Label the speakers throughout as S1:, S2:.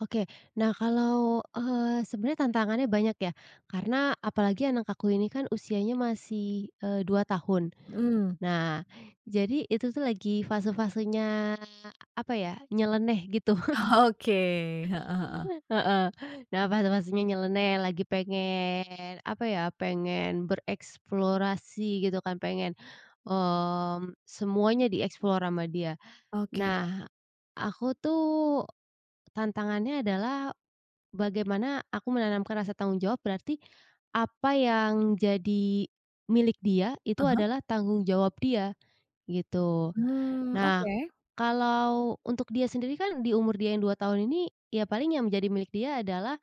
S1: Oke, nah, kalau, eee, sebenarnya tantangannya banyak, ya, karena apalagi anak aku ini, kan, usianya masih, eee, 2 tahun,
S2: Mhm.
S1: nah, jadi itu, tuh, lagi fase-fasenya apa, ya, nyeleneh gitu.
S2: Oke. Heeh heeh.
S1: Heeh, nah, fase-fasenya nyeleneh lagi pengen apa, ya, pengen bereksplorasi gitu, kan, pengen, mmm, semuanya di-explore sama dia.
S2: Oke.
S1: Nah, Aku, tuh, tantangannya adalah bagaimana aku menanamkan rasa tanggung jawab berarti apa yang jadi milik dia itu
S2: Ah hah.
S1: adalah tanggung jawab dia gitu.
S2: Mmm,
S1: Nah,
S2: Oke.
S1: kalau untuk dia sendiri, kan, di umur dia yang 2 tahun ini, ya, paling yang menjadi milik dia adalah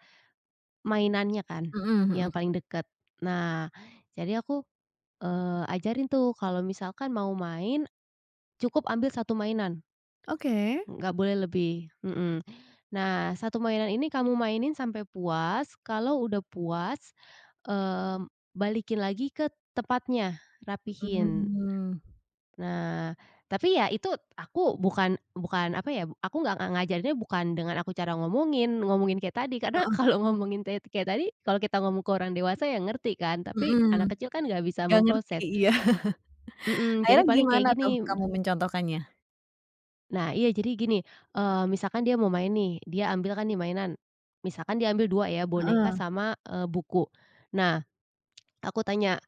S1: mainannya kan,
S2: Mhm.mhm.
S1: yang paling deket. Nah, jadi aku, eee, ajarin, tuh, kalau misalkan mau main cukup ambil 1 mainan,
S2: Oke.
S1: nggak boleh lebih, mhm, nah, 1 mainan ini kamu mainin sampai puas, kalau udah puas, mmm, balikin lagi ke tempatnya, rapihin.
S2: Mhm.
S1: Nah, tapi ya itu aku bukan bukan apa, ya, aku nggak nga ngajarin bukan dengan aku cara ngomongin, ngomongin kayak tadi, karena
S2: Heeh.
S1: kalau ngomongin tet kayak tadi kalau kita ngomong ke orang dewasa, ya, ngerti kan tapi
S2: Mhm.
S1: anak kecil, kan, nggak bisa
S2: nggak ngerti
S1: memproses.
S2: iya.
S1: Mhm, jadi
S2: akhirnya
S1: paling kayak
S2: gimana, tuh,
S1: gini, mhm
S2: kamu mencontohkannya?
S1: Nah, iya jadi gini, eee, misalkan dia mau main, nih, dia ambil, kan, di mainan. Misalkan dia ambil 2 ya, boneka
S2: Heeh.
S1: sama, eee, buku. Nah, aku tanya,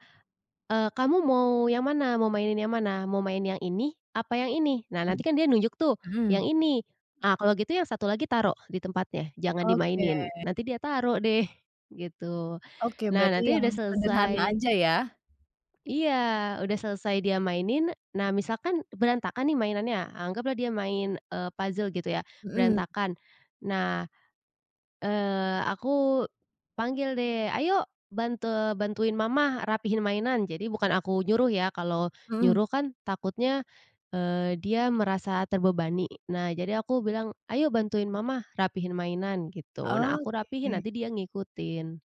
S1: "Eee, kamu mau yang mana? Mau mainin yang mana? Mau main yang ini, apa yang ini?" Nah
S2: Mhm.
S1: nantikan dia nunjuk, tuh,
S2: Mhm.
S1: "Yang ini!" Nah, "Kalau gitu yang 1 lagi taruh di tempatnya, jangan
S2: Oke.
S1: dimainin." Nanti dia taruh, deh, gitu.
S2: Oke
S1: Nah,
S2: berarti
S1: nanti udah
S2: yang sederhana
S1: selesai
S2: aja, ya.
S1: iya, udah selesai dia mainin nah, misalkan berantakan, nih, mainannya, anggaplah dia main, eee, puzzle gitu, ya,
S2: Mhm.
S1: berantakan, nah, eee, aku panggil, deh, "Ayo bante bantuin Mama, rapihin mainan," jadi bukan aku nyuruh, ya, kalau
S2: Heeh.
S1: nyuruh, kan, takutnya, eee, dia merasa terbebani, nah, jadi aku bilang, "ayo bantuin Mama rapihin mainan." Gitu, nah, aku rapihin
S2: Oke.
S1: nanti dia ngikutin.